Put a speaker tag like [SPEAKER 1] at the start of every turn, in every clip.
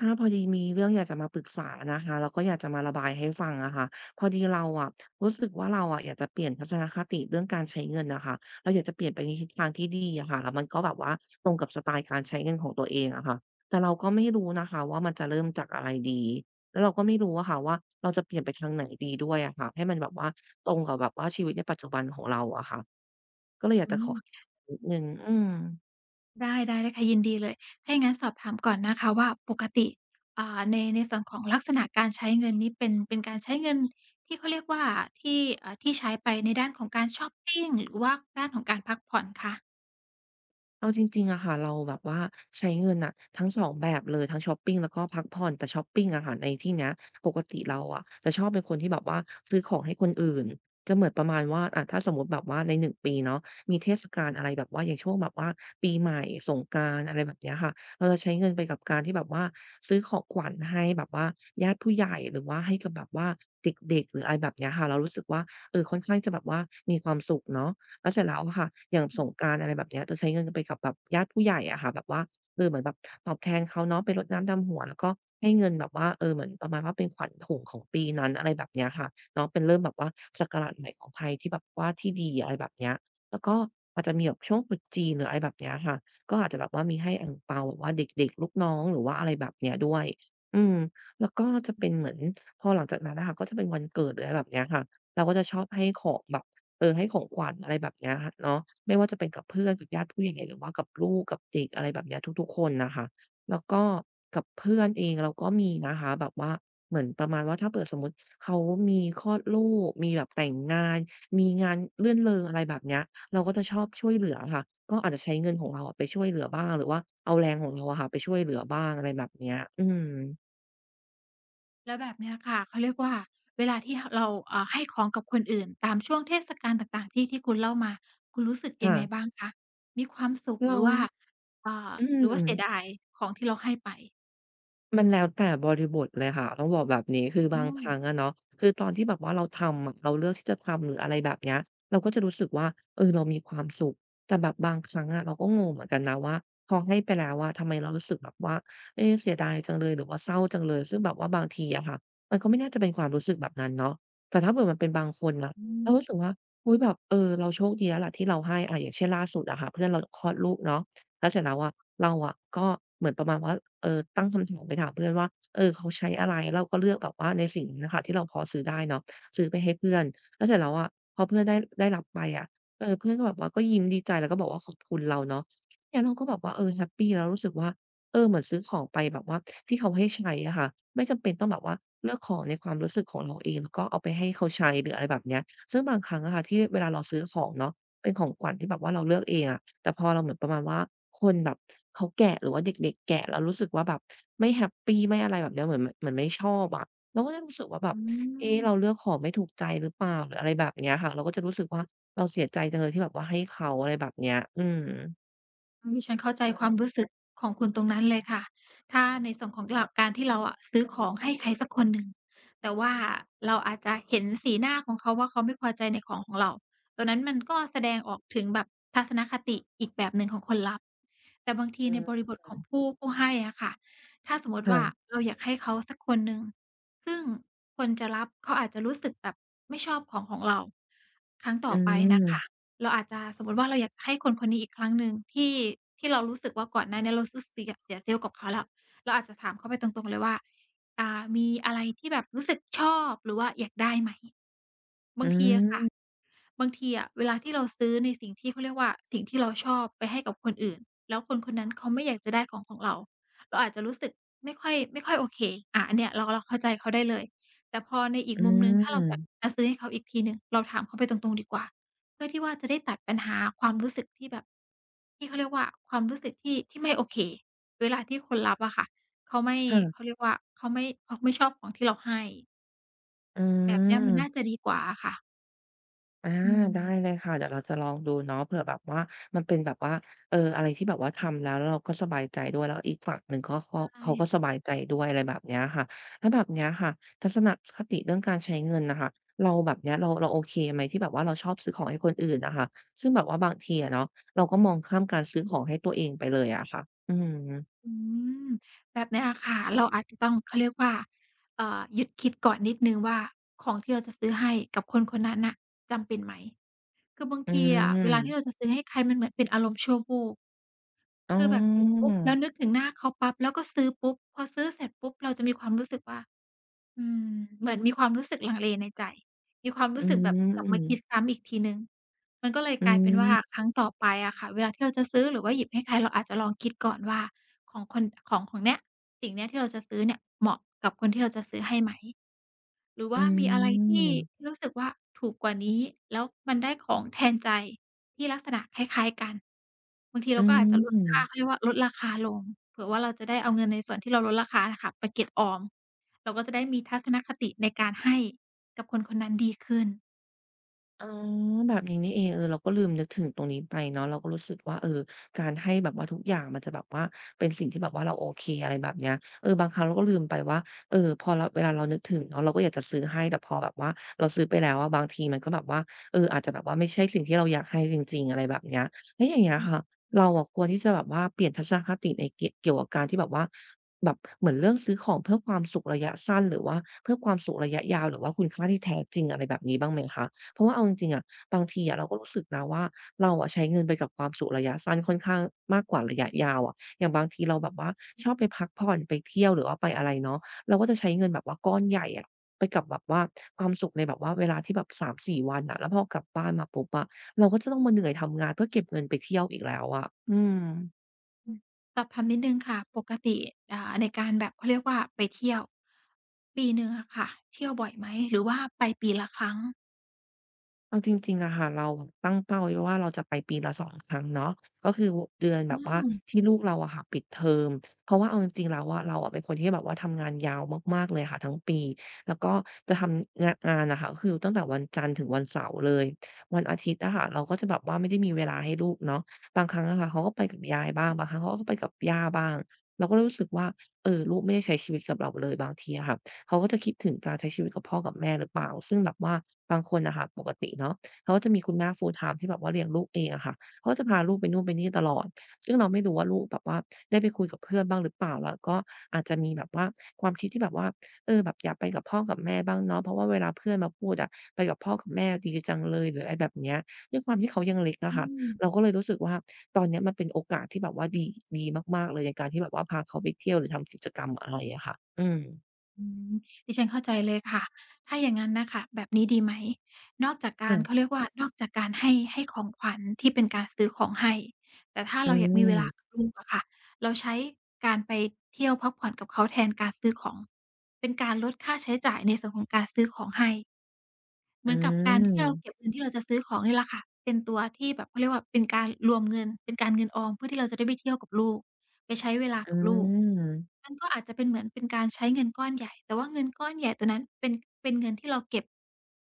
[SPEAKER 1] ค่ะ ถ้าพอดีมีเรื่องอยากจะมาปรึกษานะคะ แล้วก็อยากจะมาระบายให้ฟังอะค่ะ พอดีเราอะ รู้สึกว่าเราอะอยากจะเปลี่ยนทัศนคติเรื่องการใช้เงินน่ะค่ะ เราอยากจะเปลี่ยนไปในทิศทางที่ดีอะค่ะ แล้วมันก็แบบว่า ตรงกับสไตล์การใช้เงินของตัวเองอะค่ะ แต่เราก็ไม่รู้นะคะว่ามันจะเริ่มจากอะไรดี? แล้วเราก็ไม่รู้อะค่ะว่า เราจะเปลี่ยนไปทางไหนดีด้วยอะค่ะ? ให้มันแบบว่าตรงกับแบบว่าชีวิตในปัจจุบันของเราอะค่ะ ก็เลยอย
[SPEAKER 2] อ
[SPEAKER 1] าก
[SPEAKER 2] ื
[SPEAKER 1] จะขอ
[SPEAKER 2] ม
[SPEAKER 1] คะ นิดหนึ่ง อืม
[SPEAKER 2] ได้ ได้ ได้ค่ะ ยินดีเลย ถ้าอย่างงั้นสอบถามก่อนนะคะว่า ปกติ อ่า ใน ในส่วนของลักษณะการใช้เงินนี้เป็น เป็นการใช้เงินที่เขาเรียกว่าที่ เอ่อ ที่ใช้ไปในด้านของการชอปปิง หรือว่าด้านของการพักผ่อนคะ?
[SPEAKER 1] เอาจริง ๆ อะค่ะ เราแบบว่าใช้เงินน่ะ ทั้งสองแบบเลย ทั้งชอปปิง แล้วก็พักผ่อน แต่ชอปปิงอะค่ะในที่เนี้ย ปกติเราอะ จะชอบเป็นคนที่แบบว่า ซื้อของให้คนอื่น จะเหมือนประมาณว่า อา ถ้าสมมุติแบบว่าใน 1 ปีเนาะ มีเทศกาลอะไรแบบว่า อย่างช่วงแบบว่า ปีใหม่สงกรานต์ อะไรแบบเนี้ยอะค่ะ เราจะใช้เงินไปกับการที่แบบว่า ซื้อของขวัญให้แบบว่า ญาติผู้ใหญ่ หรือว่าให้กับแบบว่าเด็ก ๆ หรือ อะไรแบบเนี้ยค่ะ เรารู้สึกว่า เออ ค่อนข้างจะแบบว่ามีความสุขเนาะ แล้วเสร็จแล้วอะค่ะ อย่าง
[SPEAKER 2] อื
[SPEAKER 1] ส
[SPEAKER 2] ม
[SPEAKER 1] งกรานต์ อะไรแบบเนี้ย จะใช้เงินไปกับแบบญาติผู้ใหญ่อะค่ะ แบบว่า เออ เหมือนแบบตอบแทนเขาเนาะไปรดน้ำดำหัว แล้วก็ให้เงินแบบว่า เออ เหมือนประมาณว่าเป็นขวัญถุงของปีนั้น อะไรแบบเนี้ย อะค่ะ เนาะเป็นเริ่มแบบว่าศักราชใหม่ของไทยที่แบบว่า ที่ดี อะไรแบบเนี้ย แล้วก็อาจจะมีแบบช่วงตรุษจีนหรือ อะไรแบบเนี้ยอะค่ะ ก็อาจจะแบบว่ามีให้อั่งเปาแบบว่าเด็ก ๆ ลูกน้อง หรือว่าอะไรแบบนี้ด้วย อืม แล้วก็จะเป็นเหมือนพอหลังจากนั้นอะค่ะก็จะเป็นวันเกิดหรือ อะไรแบบนี้ค่ะ เราก็จะชอบให้ของแบบ เออ ให้ของขวัญอะไรแบบนี้เนาะ ไม่ว่าจะเป็นกับเพื่อนกับญาติผู้ใหญ่ หรือว่ากับลูกกับเด็ก อะไรแบบเนี้ยทุก ๆ คนน่ะค่ะ แล้วก็กับเพื่อนเองเราก็มีนะคะ แบบว่าเหมือนประมาณว่า ถ้าเกิดสมมุติเขามีคลอดลูก มีแบบแต่งงาน มีงานรื่นเริง อะไรแบบนี้ เราก็จะชอบช่วยเหลือค่ะ ก็อาจจะใช้เงินของเราอะไปช่วยเหลือบ้าง หรือว่าเอาแรงของเราอะค่ะไปช่วยเหลือบ้าง อะไรแบบเนี้ย อืม
[SPEAKER 2] แล้วแบบนี้ค่ะ เขาเรียกว่าเวลาที่ฮะ เรา อา ให้ของกับคนอื่นตามช่วงเทศกาลต่าง ๆ ที่ ที่คุณเล่ามา คุณรู้สึก
[SPEAKER 1] ค
[SPEAKER 2] ยั
[SPEAKER 1] ่
[SPEAKER 2] งไง
[SPEAKER 1] ะ
[SPEAKER 2] บ้างคะ? มีความสุข
[SPEAKER 1] เร
[SPEAKER 2] ห
[SPEAKER 1] า
[SPEAKER 2] รือว่า อ่า
[SPEAKER 1] อื
[SPEAKER 2] หรือว่าเสีย
[SPEAKER 1] ม
[SPEAKER 2] ดายของที่เราให้ไป?
[SPEAKER 1] มันแล้วแต่บริบทเลยค่ะ ต้องบอกแบบนี้ คื
[SPEAKER 2] อ
[SPEAKER 1] อบ
[SPEAKER 2] ื
[SPEAKER 1] างค
[SPEAKER 2] ม
[SPEAKER 1] รั้งอะเนาะ คือตอนที่แบบว่าเราทำอะ เราเลือกที่จะทำหรือ อะไรแบบเนี้ย เราก็จะรู้สึกว่า เออ เรามีความสุข แต่แบบบางครั้งอะ เราก็งงเหมือนกันนะว่า พอให้ไปแล้วอะ ทำไมเรารู้สึกแบบว่า เอ เสียดายจังเลย หรือว่าเศร้าจังเลย ซึ่งแบบว่าบางทีอะค่ะ มันก็ไม่น่าจะเป็นความรู้สึกแบบนั้นเนาะ แต่ถ้าเกิดมันเป็นบางคนอะ
[SPEAKER 2] อื
[SPEAKER 1] เรา
[SPEAKER 2] ม
[SPEAKER 1] รู้สึกว่า อุ๊ย แบบ เออ เราโชคดีแล้วล่ะ เราให้ อา อย่างเช่นล่าสุดอะค่ะ เพื่อนเราคลอดลูกเนาะ แล้วเสร็จแล้วอะ เราอะก็เหมือนประมาณว่า เออ ตั้งคำถามไปถามเพื่อนว่า เออ เขาใช้อะไร? เราก็เลือกแบบว่าในสิ่งนี้อะค่ะที่เราพอซื้อได้เนาะ ซื้อไปให้เพื่อน แล้วเสร็จแล้วอะ พอเพื่อนได้ ได้รับไปอะ เออ เพื่อนก็แบบว่า ก็ยิ้มดีใจแล้วก็บอกว่า "ขอบคุณ" เราเนาะ งั้นเราก็แบบว่า เออ แฮปปีแล้วรู้สึกว่า เออ เหมือนซื้อของไปแบบว่าที่เขาให้ใช้อะค่ะ ไม่จำเป็นต้องแบบว่า เลือกของในความรู้สึกของเราเอง แล้วก็เอาไปให้เขาใช้ หรือ อะไรแบบนี้ ซึ่งบางครั้งอะค่ะ ที่เวลาเราซื้อของเนาะ เป็นของขวัญที่แบบว่าเราเลือกเองอะ แต่พอเราเหมือนประมาณว่าคนแบบเขาแกะ หรือว่าเด็ก ๆ แกะ แล้วรู้สึกว่าแบบ ไม่แฮปปี ไม่อะไรแบบนี้ เหมือน เหมือนไม่ชอบอะ เราก็จะรู้สึกว่าแบ
[SPEAKER 2] อ
[SPEAKER 1] บ
[SPEAKER 2] ื
[SPEAKER 1] เอ๊ะ เ
[SPEAKER 2] ม
[SPEAKER 1] ราเลือกของไม่ถูกใจ หรือเปล่าหรือ อะไรแบบนี้อะค่ะ เราก็จะรู้สึกว่า เราเสียใจจังเลยที่แบบว่าให้เขา อะไรแบบเนี้ย อืม
[SPEAKER 2] อืม ดิฉันเข้าใจความรู้สึก ของคุณตรงนั้นเลยค่ะ ถ้าในส่วนของเรา การที่เราอะซื้อของให้ใครสักคนหนึ่ง แต่ว่าเราอาจจะเห็นสีหน้าของเขาว่า เขาไม่พอใจในของของเรา ตัวนั้นมันก็แสดงออกถึงแบบทัศนคติ อีกแบบหนึ่งของคนรับ แต่บางที
[SPEAKER 1] เอ
[SPEAKER 2] ใน
[SPEAKER 1] อ
[SPEAKER 2] บริ
[SPEAKER 1] เ
[SPEAKER 2] บท
[SPEAKER 1] อ
[SPEAKER 2] ขอ
[SPEAKER 1] อ
[SPEAKER 2] งผู้ ผู้ให้อะค่ะ ถ้าสมมุต
[SPEAKER 1] ค
[SPEAKER 2] ิ
[SPEAKER 1] ่
[SPEAKER 2] ว่า
[SPEAKER 1] ะ
[SPEAKER 2] เราอยากให้เขาสักคนหนึ่ง ซึ่งคนจะรับ เขาอาจจะรู้สึกแบบไม่ชอบขอ งของเรา ครั้งต่
[SPEAKER 1] อื
[SPEAKER 2] อไปน่ะค่
[SPEAKER 1] ม
[SPEAKER 2] ะ เราอาจจะ สมมุติว่า เราอยากจะให้คนคนนี้อีกครั้งหนึ่ง ที่ ที่เรารู้สึกว่าก่อนหน้าเนี้ย เราซื้อ สิอะ เสีย self กับเขาแล้ว เราอาจจะถามเขาไปตรง ๆ เลยว่า "อ่า มีอะไรที่แบบรู้สึกชอบหรือว่าอยากได้ไหม?"
[SPEAKER 1] อ
[SPEAKER 2] บางทีอะค่ะ
[SPEAKER 1] ืม
[SPEAKER 2] บางทีอะเวลาที่เราซื้อในสิ่งที่ เขาเรียกว่า สิ่งที่เราชอบไปให้กับคนอื่น แล้วคน คนนั้นเขาไม่อยากจะได้ของของเรา เราอาจจะรู้สึกไม่ค่อย ไม่ค่อยโอเค อะ อันเนี่ยเรา เราเข้าใจเขาได้เลย แต่พอในอี
[SPEAKER 1] อ
[SPEAKER 2] ก
[SPEAKER 1] ื
[SPEAKER 2] มุมหนึ่ง ถ้าเราแบบ
[SPEAKER 1] ม
[SPEAKER 2] จะซื้อให้เขาอีกทีหนึ่ง เราถามเขาไปตรง ๆ ดีกว่า เพื่อที่ว่าจะได้ตัดปัญหาความรู้สึกที่แบบ ที่เขาเรียกว่า ความรู้สึกที่ ที่ไม่โอเค เวลาที่คนรับอะค่ะ เขาไม่
[SPEAKER 1] ค่ะ
[SPEAKER 2] เขาเรียกว่า เขาไม่ เขาไม่ชอบของที่เราให้
[SPEAKER 1] อื
[SPEAKER 2] แบบเนี้ย มันน่
[SPEAKER 1] ม
[SPEAKER 2] าจะดีกว่าอะค่ะ
[SPEAKER 1] อา
[SPEAKER 2] อ
[SPEAKER 1] ได้
[SPEAKER 2] ืม
[SPEAKER 1] เลยค่ะ เดี๋ยวเราจะลองดูเนาะ เผื่อแบบว่ามันเป็นแบบว่า เออ อะไรที่แบบว่าทำแล้ว แล้วเราก็สบายใจด้วย แล้วอีกฝั่งหนึ่งก็ ก็
[SPEAKER 2] ใช
[SPEAKER 1] เขาก็
[SPEAKER 2] ่
[SPEAKER 1] สบายใจด้วย อะไรแบบเนี้ยค่ะ แล้วแบบเนี้ยค่ะ ทัศนคติเรื่องการใช้เงินน่ะค่ะ เราแบบเนี้ย เรา เราโอเคไหม? ที่แบบว่าเราชอบซื้อของให้คนอื่นน่ะค่ะ ซึ่งแบบว่าบางทีอะเนาะ เราก็มองข้ามการซื้อของให้ตัวเองไปเลยอะค่ะ อืม
[SPEAKER 2] อืม แบบนี้อะค่ะ เราอาจจะ ต้อง เขาเรียกว่า เอ่อ หยุดคิดก่อนนิดหนึ่งว่า ของที่เราจะซื้อให้กับคน คนนั้นน่ะ จำเป็นไหม? คือบาง
[SPEAKER 1] อื
[SPEAKER 2] ทีอะ เวลาที่
[SPEAKER 1] ม
[SPEAKER 2] เราจะซื้อให้ใครมันเหมือนเป็น อารมณ์ชั่ววูบ
[SPEAKER 1] อ๋
[SPEAKER 2] ค
[SPEAKER 1] อ
[SPEAKER 2] ือแบบเห็นปุ๊บ แล้วนึกถึงหน้าเขาปั๊บ แล้วก็ซื้อปุ๊บ พอซื้อเสร็จปุ๊บ เราจะมีความรู้สึกว่า อืม เหมือนมีความรู้สึกลังเลในใจ มีความ
[SPEAKER 1] อ
[SPEAKER 2] รู
[SPEAKER 1] ื
[SPEAKER 2] ้สึกแบบกลับมาคิด
[SPEAKER 1] ม
[SPEAKER 2] ซ้ำอีกทีหนึ่ง มันก็เลย
[SPEAKER 1] อ
[SPEAKER 2] กลายเป็นว่า
[SPEAKER 1] ืม
[SPEAKER 2] ครั้งต่อไปอะค่ะ เวลาที่เราจะซื้อหรือว่าหยิบให้ใคร เราอาจจะลองคิดก่อนว่า ของคน ของ ของเนี้ย สิ่งเนี้ย ที่เราจะซื้อเนี่ย เหมาะกับคนที่เราจะซื้อให้ไหม หรือว
[SPEAKER 1] อ
[SPEAKER 2] ่
[SPEAKER 1] ื
[SPEAKER 2] ามีอะไรที่
[SPEAKER 1] ม
[SPEAKER 2] รู้สึกว่าถูกกว่านี้ แล้วมันได้ของแทนใจที่ลักษณะคล้าย ๆ กัน บางทีเ
[SPEAKER 1] อ
[SPEAKER 2] ร
[SPEAKER 1] ื
[SPEAKER 2] าก็อาจจะลดค่า
[SPEAKER 1] ม
[SPEAKER 2] เขาเรียกว่าลดราคาลง เผื่อว่าเราจะได้เอาเงินในส่วนที่เราลดราคาอะค่ะ ไปเก็บออม เราก็จะได้มีทัศนคติในการให้ กับคนคนนั้นดีขึ้น
[SPEAKER 1] อ๋อ แบบนี้นี่เอง เออ เราก็ลืมนึกถึงตรงนี้ไปเนาะ เราก็รู้สึกว่า เออ การให้แบบว่าทุกอย่าง มันจะแบบว่าเป็นสิ่งที่แบบว่าเราโอเค อะไรแบบเนี้ย เออ บางครั้งเราก็ลืมไปว่า เอ่อ พอเรา เวลาเรานึกถึงเนาะ เราก็อยากจะซื้อให้ แต่พอแบบว่าเราซื้อไปแล้วอะ บางทีมันก็แบบว่า เออ อาจจะแบบว่าไม่ใช่สิ่งที่เราอยากให้จริง ๆ อะไรแบบเนี้ย แล้วอย่างเงี้ย
[SPEAKER 2] อืม
[SPEAKER 1] ค่ะ
[SPEAKER 2] อื
[SPEAKER 1] เ
[SPEAKER 2] อ
[SPEAKER 1] ราอะควรที่จะแบบว่าเปลี่ยนทัศนคติในกิ๊ เกี่ยวกับการที่แบบว่า แบบเหมือนเรื่องซื้อของเพื่อความสุขระยะสั้น หรือว่าเพื่อความสุขระยะยาว หรือว่าคุณค่าที่แท้จริง อะไรแบบนี้บ้างไหมคะ? เพราะว่าเอาจริง ๆ อะ บางทีอะเราก็รู้สึกนะว่า เราอะใช้เงินไปกับความสุขระยะสั้นค่ อนข้างมากกว่าระยะยาวอะ อย่างบางทีเราแบบว่า
[SPEAKER 2] อื
[SPEAKER 1] ช
[SPEAKER 2] อ
[SPEAKER 1] อบไปพักผ่อน ไปเที่ยว หรือว่าไปอะไรเนาะ เราก็จะใช้เงินแบบว่าก้อนใหญ่อะ ไปกับแบบว่าความสุขในแบบว่าเวลาที่แบบ 3-4 วันน่ะ แล้วพอกลับบ้านมาปุ๊บอะ เราก็จะต้องมาเหนื่อยทำงาน เพื่อเก็บเงินไปเที่ยวอีกแล้วอะ อืม
[SPEAKER 2] อืม สอบถามนิดหนึ่งค่ะ ปกติ อ่า ในการแบบเขาเรียกว่าไปเที่ยว ปีหนึ่งอะค่ะ เที่ยวบ่อยไหม หรือว่าไปปีละครั้ง?
[SPEAKER 1] เอาจริง ๆ น่ะค่ะ เราแบบตั้งเป้าไว้ว่า เราจะไปปีละ 2 ครั้งเนาะ ก็คือว่า เดือน
[SPEAKER 2] อ
[SPEAKER 1] แบ
[SPEAKER 2] ื
[SPEAKER 1] บว่า
[SPEAKER 2] ม
[SPEAKER 1] ที่ลูกเราอะค่ะปิดเทอม เพราะว่าเอาจริง ๆ แล้วอะ เราอะเป็นคนที่แบบว่าทำงานยาวมาก ๆ เลยค่ะทั้งปี แล้วก็จะทำงะ งานน่ะค่ะ ก็คือตั้งแต่วันจันทร์ถึงวันเสาร์เลย วันอาทิตย์อะค่ะเราก็จะแบบว่า ไม่ได้มีเวลาให้ลูกเนาะ บางครั้งอะค่ะเขาก็ไปกับยายบ้าง
[SPEAKER 2] อือ
[SPEAKER 1] บางครั้งเขาก็ไปกับย่าบ้าง เราก็เลยรู้สึกว่า เออ ลูกไม่ได้ใช้ชีวิตกับเราเลยบางทีอะค่ะ เขาก็จะคิดถึงการใช้ชีวิตกับพ่อกับแม่หรือเปล่า? ซึ่งแบบว่าบางคนน่ะค่ะ ปกติเนาะเขาก็จะมีคุณแม่ full-time ที่แบบว่าเลี้ยงลูกเองอะค่ะ เขาก็จะพาลูกไปนู่นไปนี่ตลอด ซึ่งเราไม่รู้ว่าลูกแบบว่า ได้ไปคุยกับเพื่อนบ้างหรือเปล่า? แล้วก็อาจจะมีแบบว่า ความคิดที่แบบว่า เออ แบบอยากไปกับพ่อกับแม่บ้างเนาะ เพราะว่าเวลาเพื่อนมาพูดอะ "ไปกับพ่อกับแม่ดีจังเลย" หรืออะไรแบบเนี้ย ด้วยความที่เขายังเล็กอ
[SPEAKER 2] อื
[SPEAKER 1] ะค่ะ
[SPEAKER 2] อ
[SPEAKER 1] เราก็เลยรู้สึกว่า ตอนเนี้ยมันเป็นโอกาสที่แบบว่าดี ดีมาก ๆ เลย ในการที่แบบว่าพาเขาไปเที่ยวหรือทำกิจกรรม อะไรอะค่ะ อืม
[SPEAKER 2] อืม ดิฉันเข้าใจเลยค่ะ ถ้าอย่างงั้นน่ะค่ะ แบบนี้ดีไหม? นอกจากก
[SPEAKER 1] อื
[SPEAKER 2] าร
[SPEAKER 1] ม
[SPEAKER 2] เขาเรียกว่า นอกจากการให้ ให้ของขวัญที่เป็นการซื้อของให้ แต่ถ้า
[SPEAKER 1] อ
[SPEAKER 2] เ
[SPEAKER 1] ื
[SPEAKER 2] ราอยากมีเวลา
[SPEAKER 1] ม
[SPEAKER 2] กับลูกอะค่ะ เราใช้การไปเที่ยวพักผ่อนกับเขา แทนการซื้อของ เป็นการลดค่าใช้จ่าย ในส่วนของการซื้อของให้ เห
[SPEAKER 1] อ
[SPEAKER 2] มื
[SPEAKER 1] ื
[SPEAKER 2] อนกับการ ที่เราเ
[SPEAKER 1] ม
[SPEAKER 2] ก็บเงิน ที่เราจะซื้อของนี่แหละค่ะ เป็นตัวที่แบบ เขาเรียกว่าเป็นการรวมเงิน เป็นการเงินออม เพื่อที่เราจะได้ไปเที่ยวกับลูก ไปใช้เวลา
[SPEAKER 1] อื
[SPEAKER 2] กับลูก
[SPEAKER 1] ม
[SPEAKER 2] มันก็อาจจะเป็นเหมือนเป็นการใช้เงินก้อนใหญ่ แต่ว่าเงินก้อนใหญ่ตัวนั้น เป็น เป็นเงินที่เราเก็บ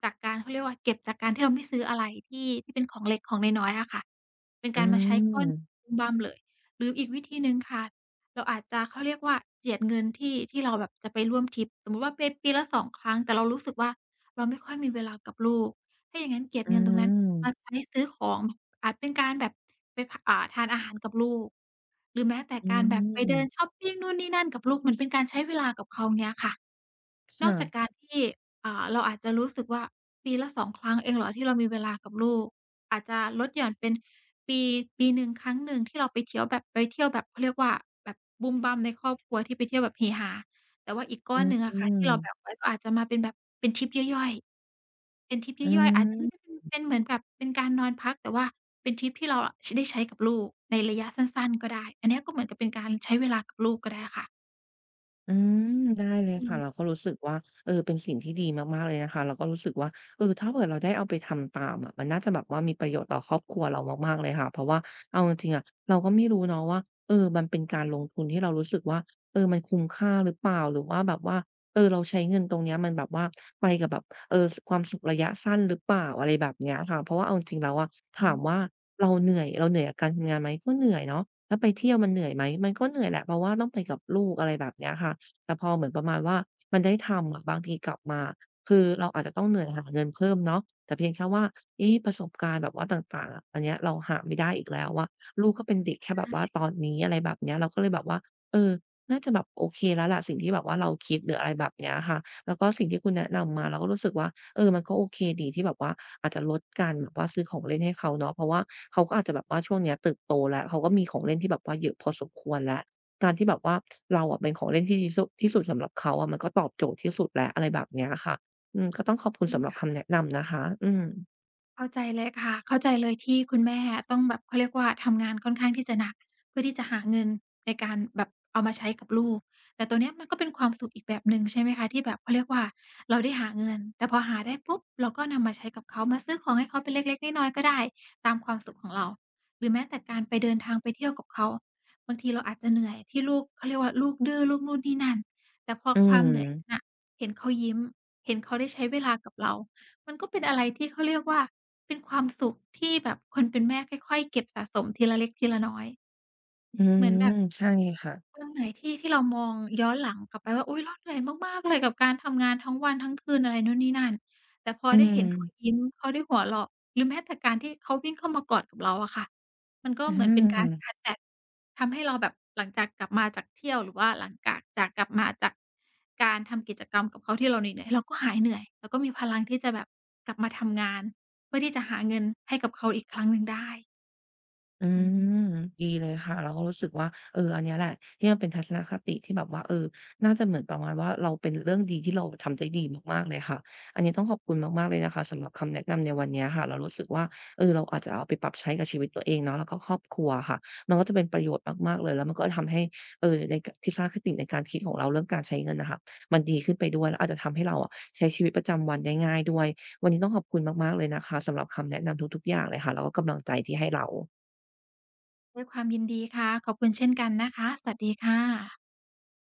[SPEAKER 2] จากการ เขาเรียกว่า เก็บจากการที่เราไม่ซื้ออะไรที่ ที่เป็นของเล็ก ของน้อย ๆ อะค่ะ เป็น
[SPEAKER 1] อื
[SPEAKER 2] การมาใช้ก้อน
[SPEAKER 1] ม
[SPEAKER 2] บุ้มบ้ามเลย หรืออีกวิธีหนึ่งค่ะ เราอาจจะ เขาเรียกว่าเจียดเงินที่ ที่เราแบบจะไปร่วมทริป สมมุติว่าไปปีละ 2 ครั้ง แต่เรารู้สึกว่า เราไม่ค่อยมีเวลากับลูก ถ้าอย่างงั้นเก็บ
[SPEAKER 1] อื
[SPEAKER 2] เงินตรงนั้นม
[SPEAKER 1] ม
[SPEAKER 2] าใช้ซื้อของ อาจเป็นการแบบไป พ อ่า ทานอาหารกับลูก หรือแม้แต่
[SPEAKER 1] อื
[SPEAKER 2] การแบบไปเดิน
[SPEAKER 1] ม
[SPEAKER 2] ชอปปิงนู่นนี่นั่นกับลูก เหมือนเป็นการใช้เวลากับเขา เงี้ยค่ะ
[SPEAKER 1] ฉ
[SPEAKER 2] นอกจา
[SPEAKER 1] ะ
[SPEAKER 2] กการที่ อ่า เราอาจจะรู้สึกว่า ปีละ 2 ครั้งเองเหรอ ที่เรามีเวลากับลูก? อาจจะลดหย่อนเป็นปี ปีหนึ่งครั้งหนึ่งที่เราไปเที้ยวแบบ ไปเที่ยวแบบ เขาเรียกว่าแบบบุ้มบ้ามในครอบครัว ที่ไปเที่ยวแบบเฮฮา แต่ว่าอีกก
[SPEAKER 1] อ
[SPEAKER 2] ้อ
[SPEAKER 1] ื
[SPEAKER 2] นหนึ่งอะค่ะ ที่เราแบ
[SPEAKER 1] ม
[SPEAKER 2] ่งไว้ ก็อาจจะมาเป็นแบบ เป็นทริปย่อย ๆ เป็นทริปย
[SPEAKER 1] อ
[SPEAKER 2] ่
[SPEAKER 1] ื
[SPEAKER 2] อย ๆ อาจจะไม่ได้เป็น
[SPEAKER 1] ม
[SPEAKER 2] เป็นเหมือนกับ เป็นการนอนพัก แต่ว่าเป็นทริปที่เราอะ ช ได้ใช้กับลูกในระยะสั้น ๆ ก็ได้ อันเนี้ย ก็เหมือนกับเป็นการใช้เวลากับ ลูกก็ได้ค่ะ
[SPEAKER 1] อืม ได้เลย
[SPEAKER 2] อื
[SPEAKER 1] ค่ะ
[SPEAKER 2] ม
[SPEAKER 1] เราก็รู้สึกว่า เออ เป็นสิ่งที่ดีมาก ๆ เลยนะคะ เราก็รู้สึกว่า เออ ถ้าเผื่อเราได้เอาไปทำตามอะ มันน่าจะแบบว่า มีประโยชน์ต่อครอบครัวเรามาก ๆ เลยค่ะ เพราะว่าเอาจริง ๆ อะ เราก็ไม่รู้เนาะว่า เออ มันเป็นการลงทุน ที่เรารู้สึกว่า เออ มันคุ้มค่าหรือเปล่า? หรือว่าแบบว่า เออ เราใช้เงินตรงเนี้ย มันแบบว่าไปกับแบบ เอ่อ ส ความสุขระยะสั้นหรือเปล่า? อะไรแบบเนี้ยค่ะ เพราะว่าเอาจริง ๆ แล้วอะ ถ
[SPEAKER 2] อ
[SPEAKER 1] าม
[SPEAKER 2] ืม
[SPEAKER 1] ว่าเราเหนื่อย เราเหนื่อยกับการทำงานไหม? ก็เหนื่อยเนาะ แล้วไปเที่ยวมันเหนื่อยไหม? มันก็เหนื่อยแหละ เพราะว่าต้องไปกับลูก อะไรแบบเนี้ยค่ะ แต่พอเหมือนประมาณว่า มันได้ทำอะ บางทีกลับมา คือเราอาจจะต้องเหนื่อยหาเงินเพิ่มเนาะ แต่เพียงแค่ว่า เอ๊ ประสบการณ์แบบว่าต่าง ๆ อะ อันเนี้ย เราหาไม่ได้อีกแล้วอะ ลูกก็เป็นเด็กแค่
[SPEAKER 2] ใช
[SPEAKER 1] แบบว่า
[SPEAKER 2] ่
[SPEAKER 1] ตอนนี้ อะไรแบบเนี้ย เราก็เลยแบบว่า เออ น่าจะแบบโอเคแล้วล่ะ สิ่งที่แบบว่าเราคิดหรือ อะไรแบบเนี้ยค่ะ แล้วก็สิ่งที่คุณแนะนำมา เราก็รู้สึกว่า เออ มันก็โอเคดี ที่แบบว่าอาจจะลดการแบบว่า ซื้อของเล่นให้เขาเนาะ เพราะว่าเขาก็อาจจะแบบว่าช่วงเนี้ยเติบโตแล้ว เขาก็มีของเล่นที่แบบว่าเยอะพอสมควรแล้ว การที่แบบว่า เราอะเป็นของเล่นที่ดีที่สุ ที่สุดสำหรับเขาอะ มันก็ตอบโจทย์ที่สุดแล้ว อะไรแบบเนี้ยอะค่ะ อืม ก็ต้องขอบคุณ
[SPEAKER 2] อื
[SPEAKER 1] ส
[SPEAKER 2] ม
[SPEAKER 1] ำหรับ
[SPEAKER 2] ค
[SPEAKER 1] ค
[SPEAKER 2] ่ะ
[SPEAKER 1] ำแนะนำนะคะ อืม
[SPEAKER 2] เข้าใจเลยค่ะ เข้าใจเลย ที่คุณแม่อะต้องแบบ เขาเรียกว่าทำงานค่อนข้างที่จะหนัก เพื่อที่จะหาเงินในการแบบเอามาใช้กับลูก แต่ตรงเนี้ยมันก็เป็นความสุขอีกแบบหนึ่ง ใช่ไหมคะ ที่แบบ เขาเรียกว่า เราได้หาเงิน แต่พอหาได้ปุ๊บ เราก็นำมาใช้กับเขา มาซื้อของให้เขาเป็นเล็ก ๆ น้อย ๆ ก็ได้ ตามความสุขของเรา หรือแม้แต่การไป เดินทางไปเที่ยวกับเขา บางทีเราอาจจะเหนื่อยที่ลูก เขาเรียกว่าลูกดื้อ ลูกนู่นนี่นั่น แต่พอ
[SPEAKER 1] อื
[SPEAKER 2] ความเหนื่อยนั
[SPEAKER 1] ม
[SPEAKER 2] ้นนะ เห็นเขายิ้ม เห็นเขาได้ใช้เวลากับเรา มันก็เป็นอะไรที่ เขาเรียกว่า เป็นความสุขที่แบบคนเป็นแม่ค่อย ๆ เก็บสะสมทีละเล็กทีละน้อย
[SPEAKER 1] อื
[SPEAKER 2] เหมือน
[SPEAKER 1] ม
[SPEAKER 2] แบบ
[SPEAKER 1] ใช่ค่ะ
[SPEAKER 2] เรื่องเหนื่อยที่ ที่เรามองย้อนหลังกลับไปว่า อุ๊ย เราเหนื่อยมาก ๆ เลยกับการทำงานทั้งวันทั้งคืน อะไรนู่นนี่นั่น แต่พอ
[SPEAKER 1] อื
[SPEAKER 2] ได้เห็นเขา
[SPEAKER 1] ม
[SPEAKER 2] ยิ้ม เขาได้หัวเราะ หรือแม้แต่การที่เขาวิ่งเข้ามากอดเราอะค่ะ มันก็
[SPEAKER 1] อ
[SPEAKER 2] เหมือนเป็นการช
[SPEAKER 1] ืม
[SPEAKER 2] าร์จแบต ทำให้เราแบบหลังจากกลับมาจากเที่ยว หรือว่าหลังกาก จากกลับมาจาก การทำกิจกรรมกับเขา ที่เราเหนื่อย ๆ เราก็หายเหนื่อย เราก็มีพลังที่จะแบบกลับมาทำงาน เพื่อที่จะหาเงินให้กับเขาอีกครั้งหนึ่งได้
[SPEAKER 1] อื
[SPEAKER 2] อืม
[SPEAKER 1] ม ดีเลยค่ะ เราก็รู้สึกว่า เออ อันเนี้ยแหละ ที่มันเป็นทัศนคติที่แบบว่า เออ น่าจะเหมือนประมาณว่าเรา เป็นเรื่องดีที่เราทำได้ดีมาก ๆ เลยค่ะ อันเนี้ยต้องขอบคุณมาก ๆ เลยนะคะ สำหรับคำแนะนำในวันเนี้ยค่ะ เรารู้สึกว่า เออ เราอาจจะเอาไปปรับใช้กับชีวิตตัวเองเนาะ แล้วก็ครอบครัวอะค่ะ มันก็จะเป็นประโยชน์มาก ๆ เลย แล้วมันก็ทำให้ เอ่อ ในกา ทัศนคติในการคิดของเรา เรื่องการใช้เงินน่ะค่ะ มันดีขึ้นไปด้วย แล้วอาจจะทำให้เราอะ ใช้ชีวิตประจำวันได้ง่ายด้วย วันนี้ต้องขอบคุณมาก ๆ เลยนะคะ สำหรับคำแนะนำทุก ๆ อย่างเลยค่ะ แล้วก็กำลังใจที่ให้เรา
[SPEAKER 2] ด้วยความยินดีค่ะ ขอบคุณเช่นกันนะคะ สวัสดีค่ะ